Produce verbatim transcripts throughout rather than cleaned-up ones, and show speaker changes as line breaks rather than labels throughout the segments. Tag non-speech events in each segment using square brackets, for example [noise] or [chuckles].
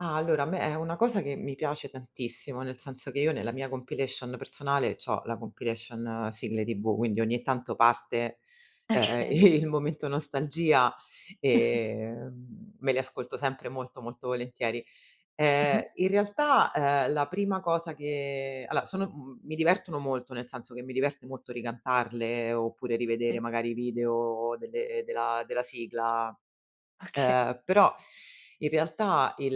Ah, allora, a me è una cosa che mi piace tantissimo, nel senso che io nella mia compilation personale c'ho la compilation sigle TV, quindi ogni tanto parte, ehm,
ecchei.
il momento nostalgia
[snorts]
e, mhmm, me li ascolto sempre molto, molto volentieri. Ehm,
Mh-mh.
in realtà, ehm, la prima cosa che aloa, sono, mhmm, mi divertono molto, nel senso che mi diverte molto ricantarle oppure rivedere
Sì.
magari i video delle della della sigla,
Okay.
ehm, però in realtà il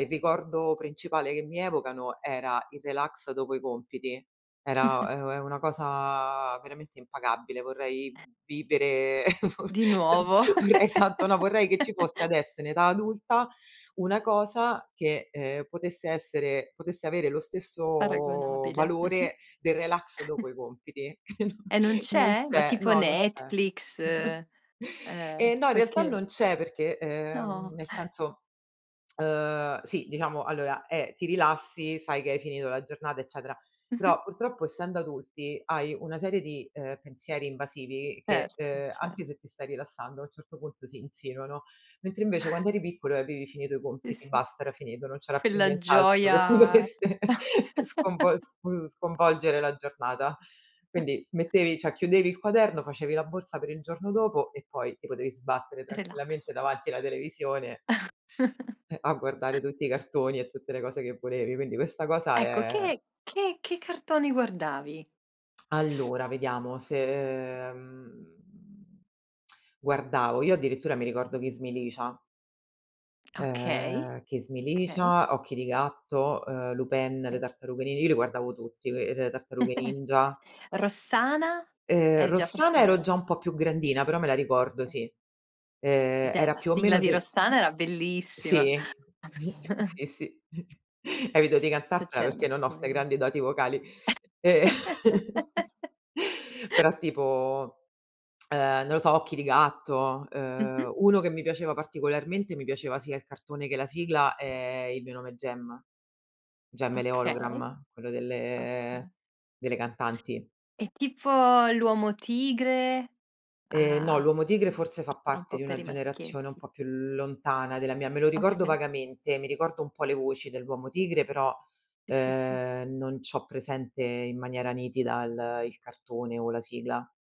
il ricordo principale che mi evocano era il relax dopo i compiti. Era è
[snorts]
è una cosa veramente impagabile, vorrei vivere,
Di nuovo.
[chuckles] vorrei tanto no, vorrei che ci
[giggles]
fosse adesso in età adulta una cosa che, ehm, potesse essere potesse avere lo stesso
Paragonabile. Mh-mh.
valore del relax dopo i
[chuckles]
compiti. [chuckles]
E non
Non non
c'è? Ma
c'è
tipo
no, non c'è.
Netflix,
[chuckles]
ehm,
E no, in realtà
qualche
non c'è perché,
No.
ehm, nel
[snorts]
senso, uhm, sì, diciamo allora, è ti rilassi, sai che hai finito la giornata, eccetera,
Mh-mh.
però purtroppo essendo adulti hai una serie di, ehm, pensieri invasivi che,
Erto,
ehm,
cer
anche se ti stai rilassando a un certo punto si insinuano. Mentre invece
[chuckles]
quando eri piccolo e avevi finito i
Sì,
compiti,
sì.
basta era finito, non c'era più
Quella
nient'altro che ti
gioia
dovesse sconvo sf
[giggles]
sconvolgere la giornata.
[chuckles]
Quindi ti mettevi cioè chiudevi il quaderno, facevi la borsa per il giorno dopo e poi ti potevi sbattere tranquillamente
Relax.
davanti alla televisione
[chuckles]
eh, a guardare tutti i cartoni e tutte le cose che volevi. Quindi questa cosa
Ecco,
è
che che che cartoni guardavi?
[tsk] Allora vediamo se, ehm, [tsk] guardavo, io addirittura mi ricordo "Kiss me Licia".
Okay,
Ehm, "Kiss me
okay.
Licia", "Occhi di gatto", ehm, Lupin, "Le
E
Tartarughe Ni" io li guardavo tutti, ehm, "Le Tartarughe Ninja".
[chuckles] "Rossana"?
Ehm,
Eri già
"Rossana", ero
forse
già un po' più grandina, però me la ricordo, sì.
Eh
Ehm,
beh,
era
la
più o
sigla
meno
di
del
"Rossana" era bellissima.
Sì, [chuckles] sì,
[chuckles]
sì. [snorts] Evito di
[unintelligible]
cantartela perché
C'erano
non ho 'ste
poi
grandi doti vocali e [chuckles]
[giggles]
però tipo, [tsk] ehm, non lo so, "Occhi di gatto".
Mh-mh.
Ehm, uno che mi piaceva particolarmente, mi piaceva sia il cartone che la sigla, è "Il Mio Nome Jem". "Jem e le
Okay.
Ologram", quello delle
Okay.
delle cantanti.
E tipo "L'Uomo Tigre"?
Ehm, no,
Ah,
"L'Uomo Tigre" forse fa
[unintelligible] era un
parte
po'
di una
per i
generazione un
maschietti.
po' più lontana della mia. Me lo ricordo
Okay.
vagamente, mi ricordo un po' le voci dell'Uomo Tigre, però,
Sì, sì, sì.
ehm, non c'ho presente in maniera nitida il il cartone o la sigla.